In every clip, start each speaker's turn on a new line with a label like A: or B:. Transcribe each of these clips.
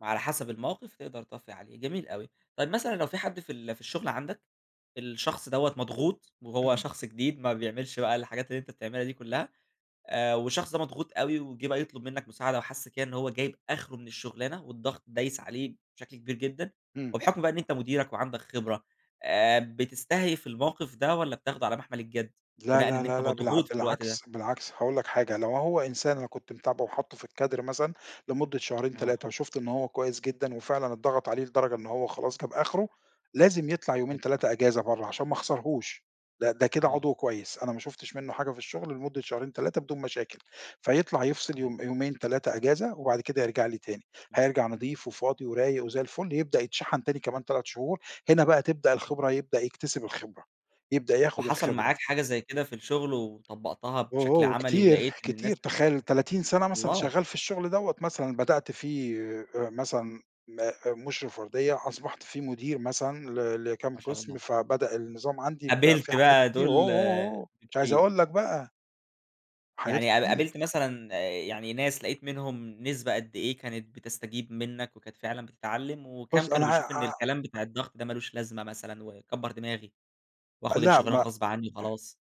A: وعلى حسب الموقف تقدر طفّي عليه، جميل أوي. طيب مثلًا لو في حد في ال في الشغل عندك، الشخص دَوّة مضغوط وهو
B: إمم.
A: شخص جديد ما بيعملش بقى الحاجات اللي أنت بتعملها دي كلّها، آآ، والشخص ده مضغوط أوي وجِه بقى يطلب منّك مساعدة، وحس كده إنه هو جايب آخره من الشُغلانة والضغط دايس عليه بشكل كبير جدًا،
B: إمم.
A: وبحكم بقى إن أنت مديرك وعندك خبرة، آآ، بتستهيف الموقِف ده والّا بتاخده على مَحمل الجد،
B: لا،
A: بناءً
B: لا،
A: إن
B: لا،
A: أنت
B: لا، بالع
A: مضغوط في الوقت ده؟
B: بالعكس، بالعكس، هاقول لك حاجة، لو هو إنسان أنا كنت متابعه وحاطّه في الكادر مثلًا لمدة شهرين
A: آه.
B: 3 وشُفت إن هو كويس جدًا، وفعلًا اتضغط عليه لدرجة إن هو خلاص جاب أخره، لازم يطلع
A: حلو.
B: يومين 3 أجازة برّا عشان ما اخسرهوش، ده ده كده
A: آه.
B: عضو كويس أنا ما شُفتش منُّه حاجة في الشُغل لمدة شهرين 3 بدون مشاكل، فيطلع يفصل
A: صحيح.
B: يوم يومين 3 أجازة، وبعد كده يرجع لي تاني.
A: إمم.
B: هيرجع نظيف وفاضي ورايق وزي الفل، يبدأ يتشحن تاني كمان 3 شهور، هنا بقى تبدأ الخبرة، يبدأ يكتسب الخبرة، يبدأ ياخد
A: وحصل
B: الخبرة.
A: معاك حاجة زي كده في الشُغل وطبّقتها
B: أوه،
A: بشكل
B: أوه!
A: عملي
B: كتير،
A: ولقيت إن الناس
B: كتير، تخيل 30 سَنة مثلًا
A: والله!
B: شغّال في الشُغل دَوّة، مثلًا بدأت فيه آآ، مثلًا م مُشرف وردية، وأصبحت فيه مدير مثلًا ل لكام
A: ما شاء الله.
B: قِسم، فبدأ النظام عندي يبقى فيه
A: قابلت
B: حاجات
A: بقى
B: كتير أوه،
A: دوُل
B: أوه، أوه !مش عايز
A: بكتير.
B: أقول لك بقى. حاجات
A: يعني قب
B: كتير.
A: قابلت مثلًا يعني ناس لقيت منهم نسبة قدّ إيه كانت بتستجيب منّك وكانت فعلًا بتتعلم، وكام
B: بُص
A: كانوا
B: أنا
A: بيشوفوا إن
B: ع عم
A: الكلام بتاع الضغط ده ما لوش لازمة مثلًا وكبّر دماغي، وآخُد
B: لأ،
A: الشُغلانة
B: ما أ
A: غصب عنّي وخلاص؟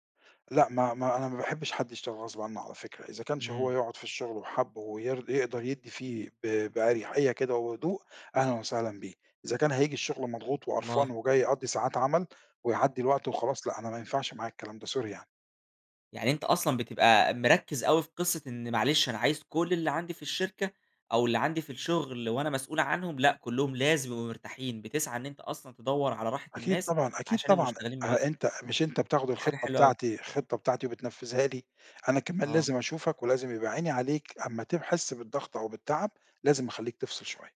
B: لأ، ما ما أنا ما باحبش حد يشتغل غصب عنّه على فكرة، إذا كانش هو
A: إمم.
B: يقعُد في الشُغل وحَابُّه وير يقدر يدّي فيه ب بأريحية كده وهدوء، أهلًا وسهلًا بيه، إذا كان هييجي الشُغل مضغوط وقرفان
A: والله.
B: وجاي يقضّي ساعات عمل ويعدّي الوقت وخلاص، لأ أنا ما ينفعش معايا الكلام ده، sorry يعني.
A: يعني أنت أصلًا بتبقى مركّز أوي في قصة إن معلش أنا عايز كُلّ اللي عندي في الشركة أو اللي عندي في الشُغل وأنا مسؤول عنهم، لأ كلّهم لازم يبقوا مرتاحين، بتسعى إن أنت أصلًا تدوّر على راحة
B: أكيد
A: الناس
B: طبعًا، أكيد
A: عشان يبقوا
B: طبعًا،
A: مشتغلين بنِفْس.
B: أ أنت مش أنت بتاخد
A: دي حاجة
B: الخطة
A: حلوة أوي.
B: بتاعتي، الخطة بتاعتي وبتنفذها لي، أنا كمان
A: آه.
B: لازم اشوفك ولازم يبقى عيني عليك، أمّا تحسّ بالضغط أو بالتعب لازم اخلّيك تفصل شوية.